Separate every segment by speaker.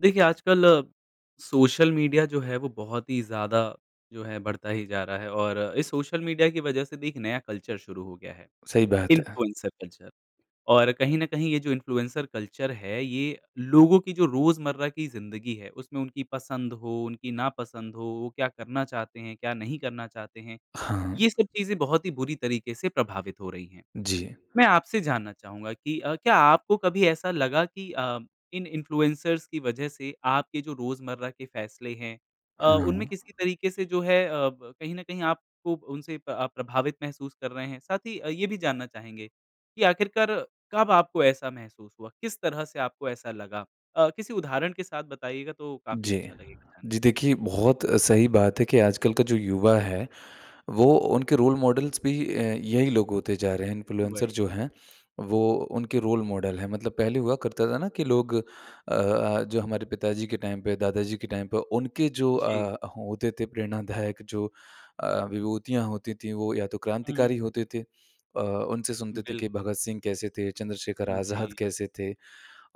Speaker 1: देखिए, आजकल अ, social media जो है वो बहुत ही ज़्यादा जो है बढ़ता ही जा रहा है और इस सोशल मीडिया की वज़ह से भी एक नया कल्चर शुरू हो गया है।
Speaker 2: सही बात है।
Speaker 1: इन्फ्लुएंसर कल्चर और कहीं न कहीं ये जो इन्फ्लुएंसर कल्चर है ये लोगों की जो रोज़मर्रा की ज़िंदगी है उसमें उनकी पसंद हो, उनकी ना पसंद हो, वो क्या करना चाहते हैं? क्या नहीं करना चाहते हैं?
Speaker 2: हाँ।
Speaker 1: ये सब चीज़ें बहुत ही बुरी तरीके से प्रभावित हो रही हैं।
Speaker 2: जी।
Speaker 1: मैं आपसे जानना चाहूँगा कि अ, क्या आपको कभी ऐसा लगा कि अ, इन इन्फ्लुएंसर्स की वज़ह से आपके जो रोज़मर्रा के फैसले हैं अ, उनमें
Speaker 2: हुँ।
Speaker 1: किसी तरीके से जो है अ, ब कहीं न कहीं आपको उनसे प आप प्रभावित महसूस कर रहे हैं? साथ ही अ, ये भी जानना चाहेंगे कि आखिरकार कब आपको ऐसा महसूस हुआ? किस तरह से आपको ऐसा लगा? अ, किसी उदाहरण के साथ बताइएगा तो काफ़ी
Speaker 2: जी।
Speaker 1: अच्छा लगेगा जानने
Speaker 2: जी
Speaker 1: में।
Speaker 2: देखिए, बहुत सही बात है कि आजकल का जो युवा है वो उनके रोल मॉडल्स भी अ, यही लोग होते जा रहे हैं। इन्फ्लुएंसर
Speaker 1: वही।
Speaker 2: जो हैं वो उनके रोल मॉडल है। मतलब पहले हुआ करता था ना कि लोग अ अ, जो हमारे पिताजी के टाइम पे दादाजी के टाइम पे उनके जो
Speaker 1: जी।
Speaker 2: अ, होते थे प्रेरणादायक जो अ, विभूतियाँ होती थी वो या तो
Speaker 1: हुँ, हुँ।
Speaker 2: क्रांतिकारी होते थे। अ, उनसे सुनते थे कि
Speaker 1: बिल्कुल।
Speaker 2: भगत सिंह कैसे थे, चंद्रशेखर
Speaker 1: हुँ,
Speaker 2: आज़ाद
Speaker 1: जी।
Speaker 2: कैसे थे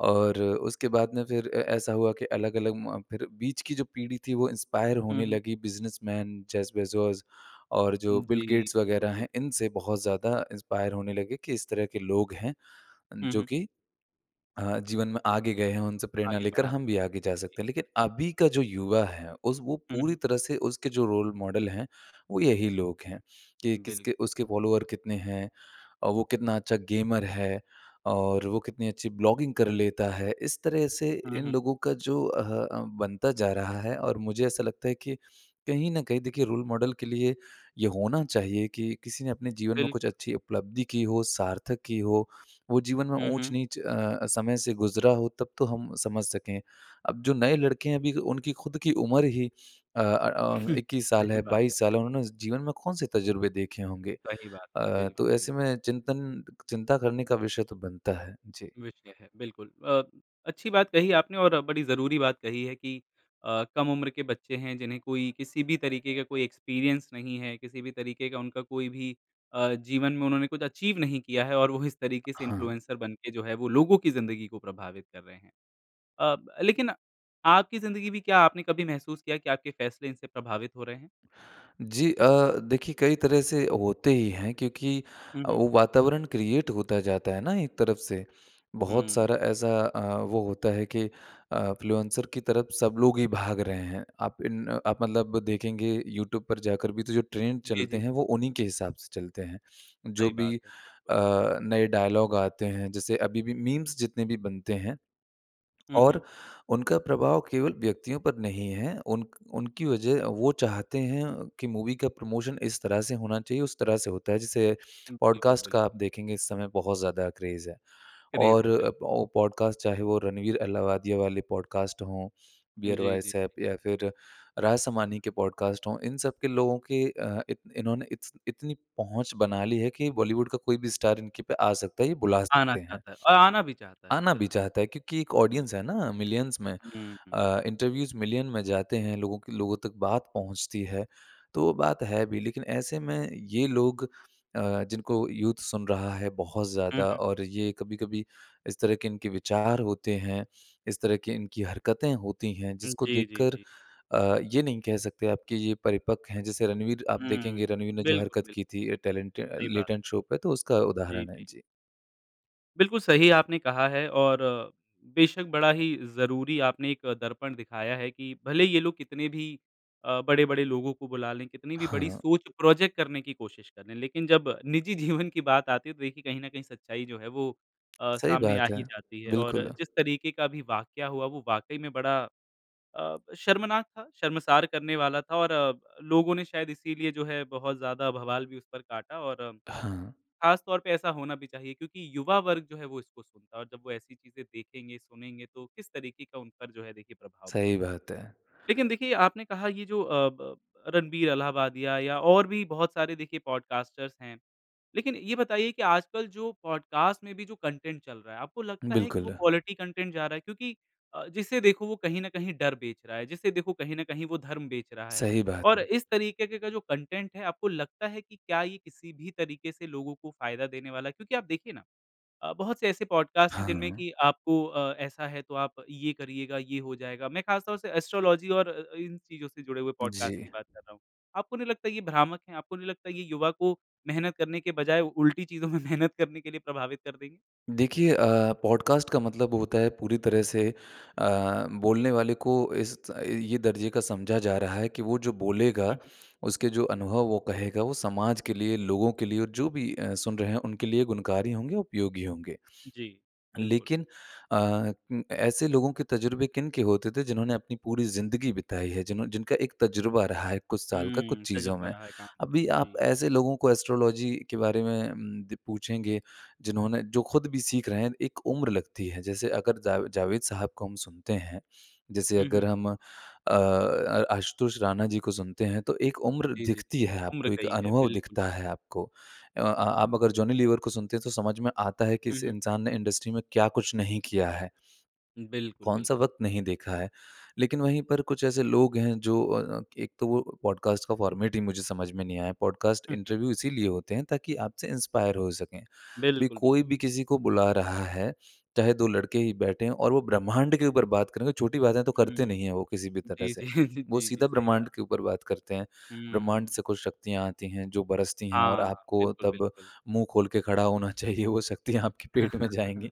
Speaker 2: और उसके बाद में फिर अ, ऐसा हुआ कि अलग-अलग म फिर बीच की जो पीढ़ी थी वो इंस्पायर
Speaker 1: हुँ,
Speaker 2: होने
Speaker 1: हुँ।
Speaker 2: लगी बिज़नसमैन जेफ बेज़ोस और जो बिल
Speaker 1: जी।
Speaker 2: गेट्स
Speaker 1: बिल्कुल
Speaker 2: वग़ैरह
Speaker 1: बिल
Speaker 2: हैं। इनसे बहुत ज़्यादा इंस्पायर होने लगे कि इस तरह के लोग हैं
Speaker 1: हुँ,
Speaker 2: जो
Speaker 1: हुँ।
Speaker 2: कि अ, जीवन में आगे गए हैं उनसे प्रेरणा
Speaker 1: आगे
Speaker 2: लेकर हम
Speaker 1: बढ़ाते
Speaker 2: भी
Speaker 1: हैं,
Speaker 2: आगे जा
Speaker 1: जी।
Speaker 2: सकते हैं। लेकिन अभी का जो युवा है उस वो
Speaker 1: हुँ,
Speaker 2: पूरी
Speaker 1: हुँ।
Speaker 2: तरह से उसके जो रोल मॉडल हैं वो यही लोग हैं कि किसके
Speaker 1: बिल्कुल।
Speaker 2: उसके फॉलोवर कितने हैं और वो कितना अच्छा गेमर है? और वो कितनी अच्छी ब्लॉगिंग कर लेता है? इस तरह से
Speaker 1: हुँ,
Speaker 2: इन
Speaker 1: हुँ।
Speaker 2: लोगों का जो अह, अ, बनता जा रहा है और मुझे ऐसा लगता है कि कहीं न कहीं देखिए रोल मॉडल के लिए ये होना चाहिए कि किसी ने अपने जीवन में कुछ
Speaker 1: बिल्कुल।
Speaker 2: अच्छी उपलब्धि की हो, सार्थक की हो। वो जीवन में
Speaker 1: हुँ, हुँ।
Speaker 2: ऊँच-नीच अ, समय से गुज़रा हो तब तो हम समझ सकें। अब जो नए लड़के हैं, अभी उनकी ख़ुद की उम्र ही अ अ अ, 21 साल
Speaker 1: सही
Speaker 2: है,
Speaker 1: बात है।
Speaker 2: 22 साल है। उन्होंने उस जीवन में कौन से तज़ुर्बे देखे होंगे।
Speaker 1: सही बात है।
Speaker 2: अ, तो
Speaker 1: बिल्कुल, बिल्कुल।
Speaker 2: ऐसे में चिंतन चिंता करने का विषय तो बनता है। जी।
Speaker 1: विषय है। बिल्कुल, अ, अच्छी बात कही आपने और बड़ी ज़रूरी बात कही है कि अ, कम उम्र के बच्चे हैं जिन्हें कोई किसी भी तरीके का कोई एक्सपीरियंस नहीं है। किसी भी तरीके का उनका कोई भी अ, जीवन में उन्होंने कुछ अचीव नहीं किया है और वो इस तरीके से
Speaker 2: हाँ।
Speaker 1: इन्फ्लुएंसर बनके जो है वो लोगों की ज़िंदगी को प्रभावित कर रहे हैं। अ, ब लेकिन आपकी ज़िंदगी भी क्या आपने कभी महसूस किया कि आपके फ़ैसले इनसे प्रभावित हो रहे हैं?
Speaker 2: जी अ, देखिए कई तरह से होते ही हैं क्योंकि
Speaker 1: हुँ,
Speaker 2: अ,
Speaker 1: हुँ।
Speaker 2: वो वातावरण क्रिएट होता जाता है न एक तरफ से। बहुत
Speaker 1: हुँ।
Speaker 2: सारा ऐसा अ, वो होता है कि अ, इन्फ्लुएंसर की तरफ सब लोग ही भाग रहे हैं। आप इन अ, आप मतलब देखेंगे यूट्यूब पर जाकर भी तो जो ट्रेंड
Speaker 1: जी,
Speaker 2: चलते
Speaker 1: जी।
Speaker 2: हैं वो उन्हीं के हिसाब से चलते हैं। जो
Speaker 1: सही
Speaker 2: भी
Speaker 1: बात है, बिल्कुल।
Speaker 2: अ, नए डायलॉग आते हैं जैसे अभी भी मीम्स जितने भी बनते हैं
Speaker 1: हुँ,
Speaker 2: और
Speaker 1: हुँ।
Speaker 2: उनका प्रभाव केवल व्यक्तियों पर नहीं है। उनक उनकी वज़ह वो चाहते हैं कि मूवी का प्रमोशन इस तरह से होना चाहिए, उस तरह से होता है। जिसे
Speaker 1: बिल्कुल,
Speaker 2: पॉडकास्ट का आप
Speaker 1: बिल्कुल।
Speaker 2: देखेंगे इस समय बहुत ज़्यादा क्रेज़ है
Speaker 1: क्रेज़
Speaker 2: और
Speaker 1: है, बिल्क
Speaker 2: अ औ पॉडकास्ट चाहे वो रणवीर अलाहाबादिया वाले पॉडकास्ट हो।
Speaker 1: जी,
Speaker 2: बीयर
Speaker 1: जी, जी।
Speaker 2: बाइसेप या फिर राज शामानी के पॉडकास्ट हो। इन सब के लोगों के अ, इत इन्होंने इतस इतनी पहुँच बना ली है कि बॉलीवुड का कोई भी स्टार इनके पे आ सकता है, ये बुला
Speaker 1: आना
Speaker 2: सकते हैं।
Speaker 1: चाहता है और आना भी चाहता है।
Speaker 2: आना भी
Speaker 1: बिल्कुल।
Speaker 2: चाहता है क्योंकि एक
Speaker 1: जी।
Speaker 2: ऑडियंस है ना मिलियंस में
Speaker 1: हुँ, हुँ।
Speaker 2: अ, इंटरव्यूज मिलियन में जाते हैं। लोगों के लोगों तक बात पहुँचती है तो वो बात है भी। लेकिन ऐसे में ये लोग अ, जिनको यूथ सुन रहा है बहुत
Speaker 1: हुँ,
Speaker 2: ज़्यादा
Speaker 1: हुँ।
Speaker 2: और ये कभी-कभी इस तरह के इनके विचार होते हैं। इस तरह की इनकी हरकतें होती हैं। जिसको
Speaker 1: जी, जी,
Speaker 2: देखकर
Speaker 1: जी।
Speaker 2: अ, ये नहीं कह सकते आपके ये परिपक्व हैं। जैसे रणवीर आप
Speaker 1: हम्म।
Speaker 2: देखेंगे रणवीर ने जो
Speaker 1: बिल्कुल,
Speaker 2: हरकत की
Speaker 1: बिल्कुल।
Speaker 2: थी टैलेंट अ,
Speaker 1: सही बात है।
Speaker 2: लेटेंट शो पे तो उसका
Speaker 1: जी,
Speaker 2: उदाहरण है।
Speaker 1: जी।
Speaker 2: जी।
Speaker 1: बिल्कुल सही आपने कहा है और बेशक़ बड़ा ही ज़रूरी आपने एक दर्पण दिखाया है कि भले ही ये लोग कितने भी अ, बड़े-बड़े लोगों को बुला लें, कितनी भी बड़ी
Speaker 2: हाँ।
Speaker 1: सोच प्रोजेक्ट करने की कोशिश कर लें, लेकिन जब निजी जीवन की बात आती है, तो देखिए कहीं न कहीं सच्चाई जो है, वो अ,
Speaker 2: सही
Speaker 1: सामने आ
Speaker 2: बात
Speaker 1: ही
Speaker 2: है।
Speaker 1: जाती है। और
Speaker 2: बिल्कुल।
Speaker 1: जिस तरीके का भी वाक्या हुआ, वो वाक़ई में बड़ा अ, शर्मनाक था, शर्मसार करने वाला था और लोगों ने शायद इसीलिए जो है बहुत ज़्यादा बवाल भी उस पर काटा और
Speaker 2: हाँ।
Speaker 1: ख़ास तौर पे ऐसा होना भी चाहिए क्योंकि युवा वर्ग जो है, वो इसको सुनता है और जब वो ऐसी चीज़ें देखेंगे, सुनेंगे तो किस तरीके का उन पर जो है देखिए प्रभाव
Speaker 2: सही
Speaker 1: पड़ेगा?
Speaker 2: बात है।
Speaker 1: लेकिन देखिए, आपने कहा, ये जो अ, ब ब रणबीर अलहाबादिया या और भी बहुत सारे देखिए पॉडकास्टर्स हैं। लेकिन ये बताइए कि आजकल जो पॉडकास्ट में भी जो कंटेंट चल रहा है, आपको लगता है कि वो
Speaker 2: बिल्कुल।
Speaker 1: क्वालिटी कंटेंट जा रहा है? क्योंकि अ, जिसे देखो वो कहीं न कहीं डर बेच रहा है, जिसे देखो कहीं न कहीं वो धर्म बेच रहा है
Speaker 2: सही बात
Speaker 1: और
Speaker 2: है।
Speaker 1: इस तरीके के का जो कंटेंट है, आपको लगता है कि क्या ये किसी भी तरीके से लोगों को फ़ायदा देने वाला है? क्योंकि आप देखिए ना अ, बहुत से ऐसे पॉडकास्ट हैं, जिनमें
Speaker 2: हाँ।
Speaker 1: कि आपको अ, ऐसा है, तो आप ये करिएगा, ये हो जाएगा। मैं ख़ासतौर से एस्ट्रोलॉजी और अ-अ, इन चीज़ों से जुड़े हुए पॉडकास्ट की
Speaker 2: जी।
Speaker 1: बात कर रहा हूँ। आपको नहीं लगता ये भ्रामक है? आपको नहीं लगता, ये युवा को मेहनत करने के बजाय उल्टी चीज़ो में मेहनत करने के लिए प्रभावित कर देंगे?
Speaker 2: देखिए अ, पॉडकास्ट का मतलब होता है पूरी तरह से अ, बोलने वाले को इस ये दर्जे का समझा जा रहा है कि वो जो बोलेगा,
Speaker 1: हुँ, हुँ।
Speaker 2: उसके जो अनुभव वो कहेगा वो समाज के लिए, लोगों के लिए और जो भी अ, सुन रहे हैं उनके लिए गुणकारी होंगे, उपयोगी होंगे।
Speaker 1: जी। बिल्कुल।
Speaker 2: लेकिन अ उं, ऐसे लोगों के तज़ुर्बे किनके होते थे जिन्होंने अपनी पूरी ज़िंदगी बिताई है जिनहों जिनका एक तज़ुर्बा रहा है कुछ साल का कुछ
Speaker 1: हुँ।
Speaker 2: चीज़ों
Speaker 1: तज़ुर्बा
Speaker 2: में।
Speaker 1: रहा है काम का।
Speaker 2: अभी आप
Speaker 1: जी।
Speaker 2: ऐसे लोगों को एस्ट्रोलॉजी के बारे में उम द पूछेंगे जिन्होंने जो खुद भी सीख रहे हैं एक उम्र लगती है जैसे अगर जावे जावेद साहब को हम सुनते हैं जैसे
Speaker 1: हुँ,
Speaker 2: अगर
Speaker 1: हुँ।
Speaker 2: हम अ, अ आशुतोष राणा जी को सुनते हैं तो एक
Speaker 1: जी,
Speaker 2: उम्र
Speaker 1: जी, जी।
Speaker 2: दिखती है
Speaker 1: उम्र
Speaker 2: आपको एक
Speaker 1: गयी है।
Speaker 2: अनुभव
Speaker 1: बिल्कुल,
Speaker 2: दिखता है
Speaker 1: बिल्कुल।
Speaker 2: आपको। अ अ, आप अगर जॉनी लीवर को सुनते हैं, तो समझ में आता है कि
Speaker 1: हुँ,
Speaker 2: इस
Speaker 1: हुँ।
Speaker 2: इंसान ने इंडस्ट्री में क्या कुछ नहीं किया है।
Speaker 1: बिल्कुल,
Speaker 2: कौन-सा
Speaker 1: बिल्कुल।
Speaker 2: वक़्त नहीं देखा है लेकिन वहीं पर कुछ ऐसे लोग हैं जो अ, एक तो वो पॉडकास्ट का फ़ॉर्मेट ही मुझे समझ में नहीं आया। पॉडकास्ट
Speaker 1: हुँ, हुँ।
Speaker 2: इंटरव्यू इसीलिए होते हैं ताकि आपसे इंस्पायर हो सकें। अभी
Speaker 1: बिल्कुल, बिल्कुल।
Speaker 2: कोई भी किसी को बुला रहा है चाहे 2 लड़के ही बैठे हैं और वो ब्रह्मांड के ऊपर बात करेंगे। छोटी बातें तो
Speaker 1: हुँ,
Speaker 2: करते नहीं
Speaker 1: हुँ।
Speaker 2: है, वो किसी भी तरह
Speaker 1: जी,
Speaker 2: से।
Speaker 1: जी,
Speaker 2: वो
Speaker 1: जी, जी।
Speaker 2: सीधा
Speaker 1: सही बात है।
Speaker 2: ब्रह्मांड के ऊपर बात करते हैं। ब्रह्मांड
Speaker 1: हुँ।
Speaker 2: से कुछ शक्तियाँ आती हैं जो बरसती हैं और
Speaker 1: हाँ।
Speaker 2: आपको
Speaker 1: बिल्कुल,
Speaker 2: तब
Speaker 1: बिल्कुल।
Speaker 2: मुँह खोल के खड़ा होना चाहिए, वो शक्तियाँ आपके पेट में जाएँगी।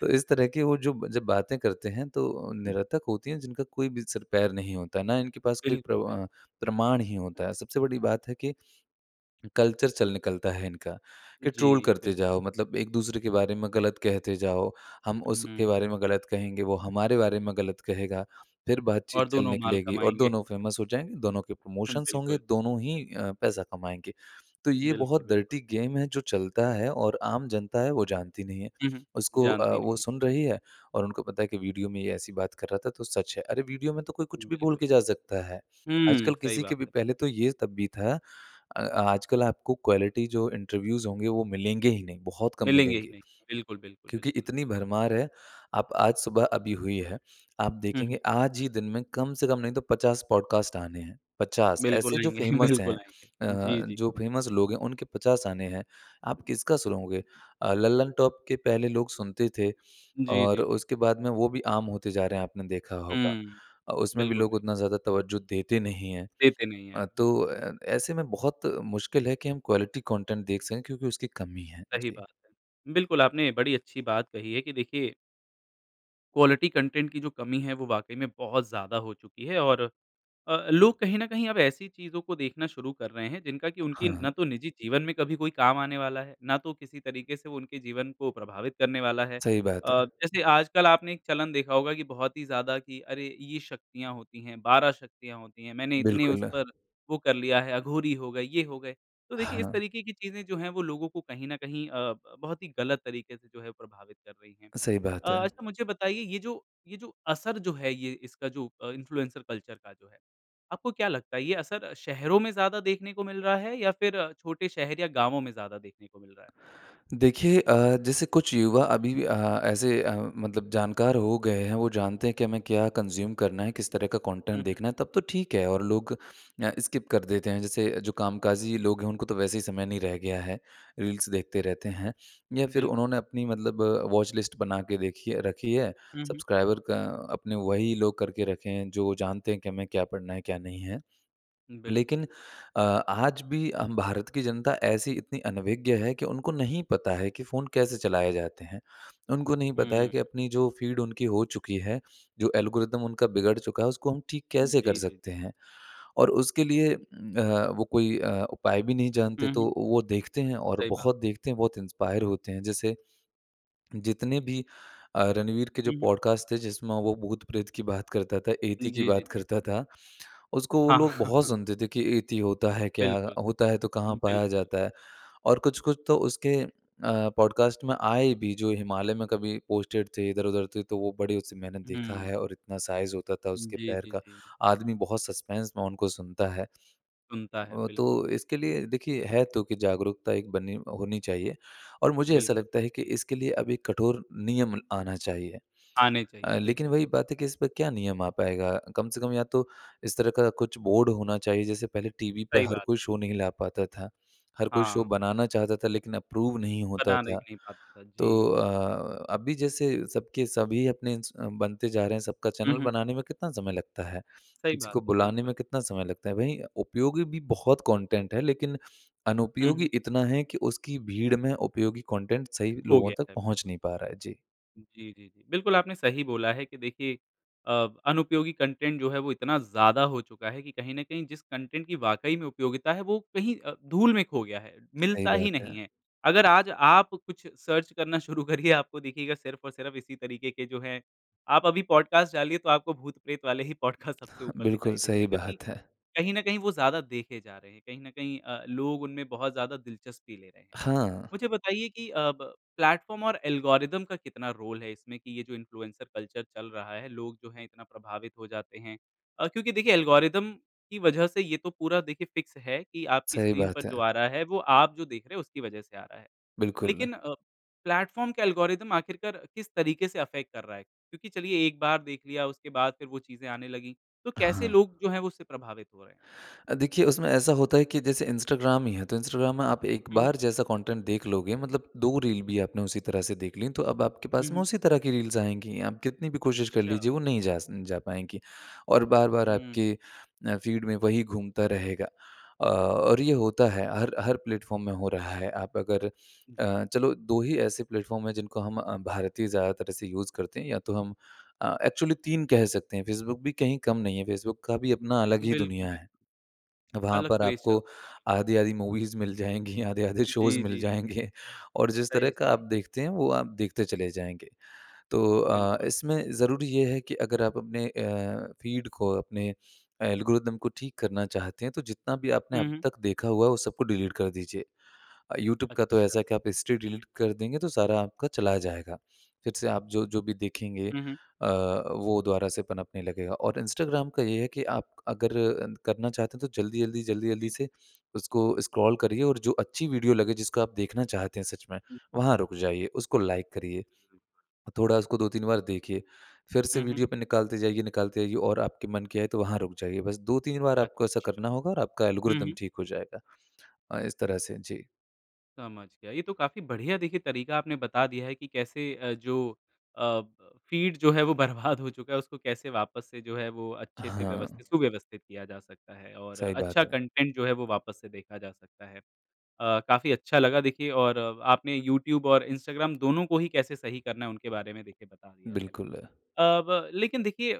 Speaker 2: तो इस तरह की वो जो जब बातें करते हैं तो निरर्थक होती हैं, जिनका कोई भी सिर-पैर नहीं होता है ना, इनके पास कोई
Speaker 1: बिल्कुल,
Speaker 2: प्रम
Speaker 1: बिल्क
Speaker 2: अ, प्रमाण ही होता है। सबसे बड़ी बात है कि कल्चर
Speaker 1: हुँ।
Speaker 2: चल निकलता है इनका, कि ट्रोल
Speaker 1: जी।
Speaker 2: करते
Speaker 1: बिल्कुल।
Speaker 2: जाओ मतलब एक-दूसरे के बारे में गलत कहते जाओ, हम उसके
Speaker 1: हुँ।
Speaker 2: बारे में गलत कहेंगे वो हमारे बारे में गलत कहेगा फिर बातचीत
Speaker 1: और
Speaker 2: चल
Speaker 1: दोनों माल
Speaker 2: निकलेगी। और
Speaker 1: कमाएँगे।
Speaker 2: दोनों फ़ेमस हो जाएँगे दोनों के
Speaker 1: हम,
Speaker 2: प्रमोशंस होंगे
Speaker 1: बिल्कुल।
Speaker 2: दोनों ही अ, पैसा कमाएँगे। तो ये
Speaker 1: बिल्कुल,
Speaker 2: बहुत
Speaker 1: बिल्कुल।
Speaker 2: डर्टी गेम है जो चलता है और आम जनता है वो जानती नहीं है।
Speaker 1: हुँ, हुँ।
Speaker 2: उसको अ,
Speaker 1: जानती
Speaker 2: वो
Speaker 1: नहीं है।
Speaker 2: सुन रही है और उनको पता है कि वीडियो में ये ऐसी बात कर रहा था तो सच है। अरे वीडियो में तो कोई कुछ भी बोल के
Speaker 1: बिल्कुल।
Speaker 2: जा सकता है।
Speaker 1: हुँ,
Speaker 2: आजकल
Speaker 1: सही
Speaker 2: किसी के
Speaker 1: बात
Speaker 2: भी
Speaker 1: है।
Speaker 2: पहले तो ये तब भी था। अ, आजकल आपको क्वालिटी जो इंटरव्यूज़ होंगे वो मिलेंगे ही नहीं बहुत कम
Speaker 1: मिलेंगे ही
Speaker 2: मिलेंगे।
Speaker 1: नहीं। बिल्कुल, बिल्कुल,
Speaker 2: क्योंकि
Speaker 1: बिल्कुल।
Speaker 2: इतनी भरमार है आप आज सुबह अभी हुई है, आप
Speaker 1: हुँ, हुँ।
Speaker 2: देखेंगे आज ही दिन में कम से कम नहीं तो 50 पॉडकास्ट आने हैं। 50
Speaker 1: बिल्कुल
Speaker 2: ऐसे जो
Speaker 1: आएँगे
Speaker 2: फ़ेमस हैं।
Speaker 1: बिल्कुल आएँगे। जी,
Speaker 2: अ,
Speaker 1: जी।
Speaker 2: जो फ़ेमस लोग हैं उनके 50 आने हैं आप किसका सुनोगे। अ, लल्लनटॉप के पहले लोग सुनते थे
Speaker 1: जी,
Speaker 2: और
Speaker 1: जी, जी।
Speaker 2: उसके बाद में वो भी आम होते जा रहे हैं आपने देखा होगा।
Speaker 1: हुँ।
Speaker 2: अ, उसमें भी
Speaker 1: बिल्कुल
Speaker 2: लोग
Speaker 1: [unintelligible]
Speaker 2: उतना ज़्यादा तवज़्ज़ो देते नहीं हैं।
Speaker 1: देते नहीं है
Speaker 2: अ,
Speaker 1: आप
Speaker 2: तो
Speaker 1: बिल्कुल।
Speaker 2: अ, ऐसे में बहुत मुश्किल है कि हम क्वालिटी कंटेंट देख सकें। क्योंकि उसकी कमी है।
Speaker 1: सही
Speaker 2: जी।
Speaker 1: बात है। बिल्कुल आपने बड़ी अच्छी बात कही है कि देखिए क्वालिटी कंटेंट की जो कमी है वो वाक़ई में बहुत ज़्यादा हो चुकी है और अ, लोग कहीं न कहीं अब ऐसी चीज़ों को देखना शुरू कर रहे हैं जिनका कि उनकी
Speaker 2: हाँ, हाँ।
Speaker 1: ना तो निजी जीवन में कभी कोई काम आने वाला है, ना तो किसी तरीके से उनके जीवन को प्रभावित करने वाला है।
Speaker 2: सही
Speaker 1: अ,
Speaker 2: बात है।
Speaker 1: जैसे आजकल आपने एक चलन देखा होगा कि बहुत ही ज़्यादा कि अरे! ये शक्तियाँ होती हैं, 12 शक्तियाँ होती हैं। मैंने इतनी उस
Speaker 2: बिल्कुल।
Speaker 1: पर वो कर लिया है, अघोरी हो गए, ये हो गए। तो देखिए इस
Speaker 2: हाँ।
Speaker 1: तरीके की चीज़ें जो हैं वो लोगों को कहीं न कहीं अ, ब बहुत ही गलत तरीके से जो है प्रभावित कर रही हैं।
Speaker 2: सही
Speaker 1: अ,
Speaker 2: बात है।
Speaker 1: अच्छा मुझे बताइए ये जो, ये जो असर जो है ये इसका जो अ, इन्फ्लुएंसर कल्चर का जो है, आपको क्या लगता है ये असर शहरों में ज़्यादा देखने को मिल रहा है या फ़िर छोटे शहर या गाँवों में ज़्यादा देखने को मिल रहा है?
Speaker 2: देखिए अ, जैसे कुछ युवा अभी भी अ, ऐसे अ, मतलब जानकार हो गए हैं वो जानते हैं कि हमें क्या कंज़्यूम करना है किस तरह का
Speaker 1: हुँ,
Speaker 2: कंटेंट
Speaker 1: हुँ।
Speaker 2: देखना है तब तो ठीक है और लोग अ, स्किप कर देते हैं। जैसे जो कामकाजी लोग हैं उनको तो वैसे ही समय नहीं रह गया है रील्स देखते रहते हैं या फ़िर
Speaker 1: बिल्कुल।
Speaker 2: उन्होंने अपनी मतलब वॉच लिस्ट बना के देखी है रखी है
Speaker 1: हुँ, हुँ।
Speaker 2: सब्सक्राइबर का अपने वही लोग करके रखे हैं जो जानते हैं कि हमें क्या पढ़ना है क्या नहीं है।
Speaker 1: बिल्कुल।
Speaker 2: लेकिन अ, आज भी हम भारत की जनता ऐसी इतनी अनभिज्ञ है कि उनको नहीं पता है कि फ़ोन कैसे चलाए जाते हैं। उनको नहीं पता है
Speaker 1: हुँ।
Speaker 2: कि अपनी जो फ़ीड उनकी हो चुकी है जो एल्गोरिदम उनका बिगड़ चुका है उसको हम ठीक
Speaker 1: जी,
Speaker 2: कैसे कर
Speaker 1: जी,
Speaker 2: सकते
Speaker 1: जी।
Speaker 2: हैं? और उसके लिए अ, वो कोई अ, उपाय भी नहीं जानते,
Speaker 1: हुँ, हुँ।
Speaker 2: तो वो देखते हैं और
Speaker 1: सही बात है।
Speaker 2: बहुत देखते हैं बहुत इंस्पायर होते हैं। जैसे जितने भी अ, रणवीर के जो
Speaker 1: हुँ, हुँ।
Speaker 2: पॉडकास्ट थे, जिसमें वो भूत-प्रेत की बात करता था, यति की
Speaker 1: जी, जी,
Speaker 2: बात करता
Speaker 1: जी।
Speaker 2: था उसको वो
Speaker 1: हाँ।
Speaker 2: लोग बहुत सुनते थे कि यति होता है क्या?
Speaker 1: बिल्कुल।
Speaker 2: होता है तो कहाँ पाया
Speaker 1: बिल्कुल।
Speaker 2: जाता है? और कुछ-कुछ तो उसके अ, पॉडकास्ट में आए भी जो हिमालय में कभी पोस्टेड थे इधर-उधर थे तो वो बड़े उससे मैंने देखा
Speaker 1: हुँ।
Speaker 2: है और इतना साइज़ होता था उसके
Speaker 1: जी,
Speaker 2: पैर
Speaker 1: जी,
Speaker 2: का
Speaker 1: जी।
Speaker 2: आदमी बहुत सस्पेंस में उनको सुनता है।
Speaker 1: सुनता है,
Speaker 2: अ,
Speaker 1: बिल्कुल।
Speaker 2: तो इसके लिए देखिए है तो की जागरूकता एक बनी होनी चाहिए और मुझे ऐसा
Speaker 1: बिल्कुल
Speaker 2: लगता है कि
Speaker 1: सही।
Speaker 2: इसके लिए अभी कठोर नियम आना चाहिए।
Speaker 1: आने
Speaker 2: अ,
Speaker 1: चाहिए,
Speaker 2: लेकिन
Speaker 1: बिल्कुल।
Speaker 2: वही बात है कि इस पर क्या नियम आ पाएगा? कम से कम या तो इस तरह का कुछ बोर्ड होना चाहिए। जैसे पहले टीवी पर
Speaker 1: सही
Speaker 2: हर
Speaker 1: बात
Speaker 2: कोई
Speaker 1: है।
Speaker 2: शो नहीं ला पाता था, हर कोई शो
Speaker 1: हाँ।
Speaker 2: बनाना चाहता था लेकिन अप्रूव नहीं होता
Speaker 1: बनाने क
Speaker 2: था।
Speaker 1: नहीं पाता था,
Speaker 2: तो
Speaker 1: जी।
Speaker 2: अ, अभी जैसे सबके सभी अपने च बनते जा रहे हैं सबका
Speaker 1: हुँ,
Speaker 2: चैनल
Speaker 1: हुँ।
Speaker 2: बनाने में कितना समय लगता है,
Speaker 1: सही
Speaker 2: किसी
Speaker 1: बात
Speaker 2: को
Speaker 1: है,
Speaker 2: बुलाने
Speaker 1: बिल्कुल।
Speaker 2: में कितना समय लगता है? वही उपयोगी भी बहुत कंटेंट है, लेकिन
Speaker 1: हुँ, हुँ।
Speaker 2: अनुपयोगी इतना है कि उसकी भीड़ में उपयोगी कंटेंट सही
Speaker 1: हो
Speaker 2: लोगों
Speaker 1: गया
Speaker 2: तक
Speaker 1: है
Speaker 2: पहुँच
Speaker 1: बिल्कुल।
Speaker 2: नहीं पा रहा है। जी।
Speaker 1: जी, जी, जी। बिल्कुल आपने सही बोला है कि देखिए अ, अनुपयोगी कंटेंट जो है, वो इतना ज़्यादा हो चुका है कि कहीं न कहीं जिस कंटेंट की वाक़ई में उपयोगिता है, वो कहीं अ, धूल में खो गया है,
Speaker 2: सही
Speaker 1: मिलता ही
Speaker 2: बात
Speaker 1: नहीं
Speaker 2: है।
Speaker 1: है। अगर आज आप कुछ सर्च करना शुरू करिए, आपको दिखेगा सिर्फ़ और सिर्फ़ इसी तरीके के जो हैं आप अभी पॉडकास्ट डालिए, तो आपको भूत-प्रेत वाले ही पॉडकास्ट सबसे ऊपर
Speaker 2: बिल्कुल,
Speaker 1: दिखाई देते हैं
Speaker 2: सही
Speaker 1: क्योंकि
Speaker 2: बात है।
Speaker 1: कहीं न कहीं वो ज़्यादा देखे जा रहे हैं। कहीं न कहीं अ, लोग उनमें बहुत ज़्यादा दिलचस्पी ले रहे हैं।
Speaker 2: हाँ।
Speaker 1: मुझे बताइए कि अब प्लेटफ़ॉर्म और एल्गोरिदम का कितना रोल है इसमें कि ये जो इन्फ्लुएन्सर कल्चर चल रहा है, लोग जो हैं इतना प्रभावित हो जाते हैं? अ, क्योंकि देखिए एल्गोरिदम की वजह से ये तो पूरा देखिए फ़िक्स है कि आपकी
Speaker 2: सही
Speaker 1: स्क्रीन पर
Speaker 2: बात
Speaker 1: जो
Speaker 2: है।
Speaker 1: आ रहा है, वो आप जो देख रहे हैं, उसकी वजह से आ रहा है।
Speaker 2: बिल्कुल।
Speaker 1: लेकिन अ, प्लेटफ़ॉर्म के एल्गोरिदम आख़िरकार किस तरीके से अफ़ेक्ट कर रहा है? क्योंकि चलिए, एक बार देख लिया, उसके बाद फिर वो चीज़ें आने लगी। तो कैसे
Speaker 2: हाँ।
Speaker 1: लोग जो हैं, वो उससे प्रभावित हो रहे हैं?
Speaker 2: अ, देखिए, उसमें ऐसा होता है कि जैसे इंस्टाग्राम ही है, तो इंस्टाग्राम में आप एक
Speaker 1: हुँ, हुँ।
Speaker 2: बार जैसा कंटेंट देख लोगे मतलब 2 रील भी आपने उसी तरह से देख ली, तो अब आपके
Speaker 1: हुँ,
Speaker 2: पास में
Speaker 1: हुँ।
Speaker 2: उसी तरह की रील्स आएँगी। आप कितनी भी कोशिश कर
Speaker 1: अच्छा।
Speaker 2: लीजिए, वो नहीं जा स जा पाएँगी और बार-बार
Speaker 1: हुँ।
Speaker 2: आपके अ, फ़ीड में वही घूमता रहेगा अ, और ये होता है हर हर प्लेटफ़ॉर्म में हो रहा है। आप अगर
Speaker 1: जी।
Speaker 2: अ, चलो 2 ही ऐसे प्लेटफ़ॉर्म हैं जिनको हम अ, भारतीय ज़्यादा तरह से यूज़ करते हैं या तो हम अ, एक्चुअली 3 कह सकते हैं। फ़ेसबुक भी कहीं कम नहीं है। फ़ेसबुक का भी अपना अलग ही
Speaker 1: बिल्कुल,
Speaker 2: दुनिया
Speaker 1: बिल
Speaker 2: है। वहाँ
Speaker 1: अलग
Speaker 2: पर
Speaker 1: क्रेज़
Speaker 2: आपको
Speaker 1: चलता है आजकल।
Speaker 2: आधी-आधी मूवीज़ मिल जाएँगी, आधे-आधे शोज़
Speaker 1: जी,
Speaker 2: मिल
Speaker 1: जी, जी।
Speaker 2: जाएँगे और जिस तरह
Speaker 1: सही,
Speaker 2: का आप
Speaker 1: सही।
Speaker 2: देखते हैं, वो आप देखते चले जाएँगे। तो अ,
Speaker 1: बिल्कुल।
Speaker 2: इसमें ज़रूरी ये है कि अगर आप अपने अ, फ़ीड को, अपने एल्गोरिदम को ठीक करना चाहते हैं, तो जितना भी आपने
Speaker 1: हुँ,
Speaker 2: अब
Speaker 1: हुँ।
Speaker 2: तक देखा हुआ है, वो सबको डिलीट कर दीजिए। अ, यूट्यूब का तो
Speaker 1: अच्छा।
Speaker 2: ऐसा है कि आप हिस्ट्री डिलीट कर देंगे, तो सारा आपका चला जाएगा। फिर से आप जो-जो भी देखेंगे
Speaker 1: हुँ, हुँ।
Speaker 2: अ, वो दोबारा से पनपने लगेगा और इंस्टाग्राम का ये है कि आप अगर करना चाहते हैं, तो जल्दी-जल्दी,
Speaker 1: जी,
Speaker 2: जल्दी-जल्दी
Speaker 1: जी।
Speaker 2: से उसको स्क्रॉल करिए और जो अच्छी वीडियो लगे, जिसको आप देखना चाहते हैं सच में, वहाँ रुक जाइए। उसको लाइक करिए।
Speaker 1: [unintelligible]
Speaker 2: थोड़ा उसको 2-3 बार देखिए, फिर से
Speaker 1: हुँ, हुँ।
Speaker 2: वीडियो पे निकालते जाइए, निकालते जाइए और आपके मन के आए तो वहाँ रुक जाइए। बस 2-3 बार आपको ऐसा
Speaker 1: अच्छा।
Speaker 2: करना होगा और आपका
Speaker 1: हुँ,
Speaker 2: एल्गोरिदम
Speaker 1: हुँ।
Speaker 2: ठीक हो जाएगा। अ, इस तरह से। जी।
Speaker 1: समझ गया। ये तो काफ़ी बढ़िया देखिए तरीका आपने बता दिया है कि कैसे अ, जो अ, ब फीड जो है, वो बर्बाद हो चुका है। उसको कैसे वापस से जो है, वो अच्छे से
Speaker 2: हाँ।
Speaker 1: व्यवस्थित सुव्यवस्थित किया जा सकता है और
Speaker 2: सही बात
Speaker 1: अच्छा
Speaker 2: है।
Speaker 1: कंटेंट जो है, वो वापस से देखा जा सकता है। अ, काफ़ी अच्छा लगा देखिए और आपने यूट्यूब और इंस्टाग्राम दोनों को ही कैसे सही करना है, उनके बारे में देखिए बता दिया है।
Speaker 2: बिल्कुल।
Speaker 1: अ, ब लेकिन देखिए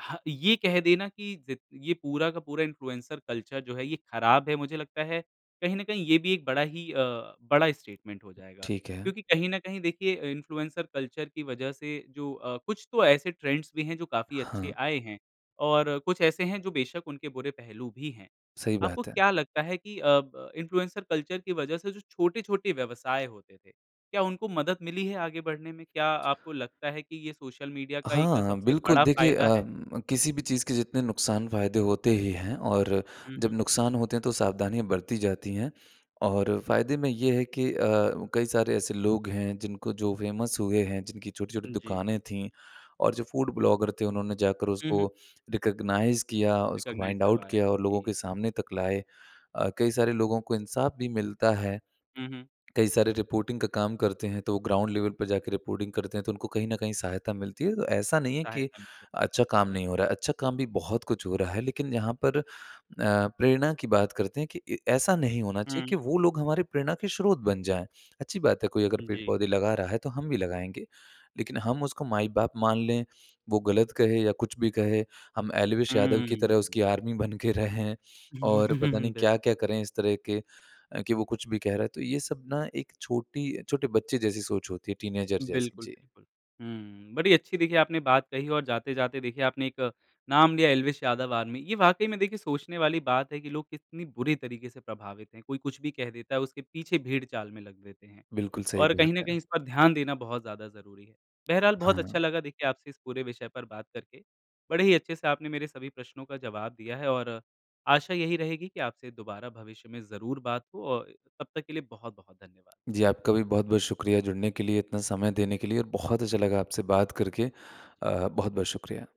Speaker 1: ह ये कह देना कि ज़ ये पूरा का पूरा इन्फ्लुएंसर कल्चर जो है, ये खराब है मुझे लगता है, कहीं न कहीं ये भी एक बड़ा ही अ, बड़ा स्टेटमेंट हो जाएगा।
Speaker 2: ठीक है।
Speaker 1: क्योंकि कहीं न कहीं देखिए इन्फ्लुएंसर कल्चर की वजह से जो अ, कुछ तो ऐसे ट्रेंड्स भी हैं, जो काफ़ी अच्छे
Speaker 2: हाँ।
Speaker 1: आए हैं, और कुछ ऐसे हैं जो बेशक उनके बुरे पहलू भी हैं।
Speaker 2: सही
Speaker 1: आपको
Speaker 2: बात है।
Speaker 1: क्या लगता है कि अ, ब इन्फ्लुएंस कल्चर की वजह से जो छोटे-छोटे व्यवसाय होते थे, क्या उनको मदद मिली है आगे बढ़ने में? क्या आपको लगता है कि ये सोशल मीडिया का एक
Speaker 2: हाँ,
Speaker 1: सबसे
Speaker 2: बिल्कुल
Speaker 1: बड़ा
Speaker 2: देखिए
Speaker 1: फ़ायदा
Speaker 2: अ,
Speaker 1: है?
Speaker 2: किसी भी चीज़ के जितने नुकसान-फ़ायदे होते ही हैं और
Speaker 1: हुँ,
Speaker 2: जब
Speaker 1: हुँ।
Speaker 2: नुकसान होते हैं तो सावधानियाँ बरती जाती हैं। और फ़ायदे में ये है कि अ, कई सारे ऐसे लोग हैं, जिनको जो फ़ेमस हुए हैं, जिनकी छोटी-छोटी
Speaker 1: जी।
Speaker 2: दुकानें थी, और जो फूड ब्लॉगर थे, उन्होंने जाकर
Speaker 1: हुँ,
Speaker 2: उसको
Speaker 1: हुँ।
Speaker 2: रिकग्नाइज़ किया, उसको
Speaker 1: रिकग्नाइज़
Speaker 2: फाइंड आउट
Speaker 1: करवाया।
Speaker 2: किया और लोगों
Speaker 1: जी।
Speaker 2: के सामने तक लाए। अ, कई सारे लोगों को इंसाफ भी मिलता है।
Speaker 1: हुँ, हुँ।
Speaker 2: कई सारे रिपोर्टिंग का काम करते हैं तो वो ग्राउंड लेवल पर जाकर रिपोर्टिंग करते हैं तो उनको कहीं न कहीं सहायता मिलती है। तो ऐसा नहीं है कि,
Speaker 1: सहायता मिल जाती
Speaker 2: अच्छा
Speaker 1: है।
Speaker 2: काम नहीं हो
Speaker 1: बिल्कुल।
Speaker 2: रहा है। अच्छा काम भी बहुत कुछ हो रहा है लेकिन यहाँ पर अ, प्रेरणा की बात करते हैं कि ऐ ऐसा नहीं होना चाहिए
Speaker 1: हुँ।
Speaker 2: कि वो लोग हमारी प्रेरणा के स्रोत बन जाए। अच्छी बात है, कोई अगर
Speaker 1: जी।
Speaker 2: पेड़-पौधे लगा रहा है तो हम भी लगाएँगे। लेकिन हम उसको माई-बाप मान लें, वो गलत कहे या कुछ भी कहे, हम एल्विश यादव की तरह
Speaker 1: हुँ।
Speaker 2: उसकी आर्मी बन के रहें, और पता नहीं क्या-क्या
Speaker 1: बिल्कुल।
Speaker 2: करें इस तरह के, कि वो कुछ भी कह रहा है। तो ये सब ना एक छोटी छोटे बच्चे जैसी सोच होती है, टीनएजर जैसी।
Speaker 1: बिल्कुल,
Speaker 2: जी।
Speaker 1: बिल्कुल। हुँ, बड़ी अच्छी देखिए आपने बात कही और जाते-जाते देखिए आपने एक नाम लिया एल्विश यादव आर्मी। ये वाक़ई में देखिए सोचने वाली बात है कि लोग कितनी बुरी तरीके से प्रभावित हैं। कोई कुछ भी कह देता है, उसके पीछे भेड़चाल में लग देते हैं,
Speaker 2: बिल्कुल सही
Speaker 1: और
Speaker 2: बात
Speaker 1: कहीं न कहीं
Speaker 2: है।
Speaker 1: इस पर ध्यान देना बहुत ज़्यादा ज़रूरी है। बहरहाल, बहुत अच्छा
Speaker 2: हाँ।
Speaker 1: लगा देखिए आपसे इस पूरे विषय पर बात करके। बड़े ही अच्छे से आपने मेरे सभी प्रश्नों का जवाब दिया है और, आशा यही रहेगी कि आपसे दोबारा भविष्य में ज़रूर बात हो और तब तक के लिए बहुत-बहुत धन्यवाद।
Speaker 2: जी, आपका भी बहुत-बहुत शुक्रिया जुड़ने के लिए, इतना समय देने के लिए और बहुत अच्छा लगा आपसे बात करके। अ, बहुत-बहुत शुक्रिया।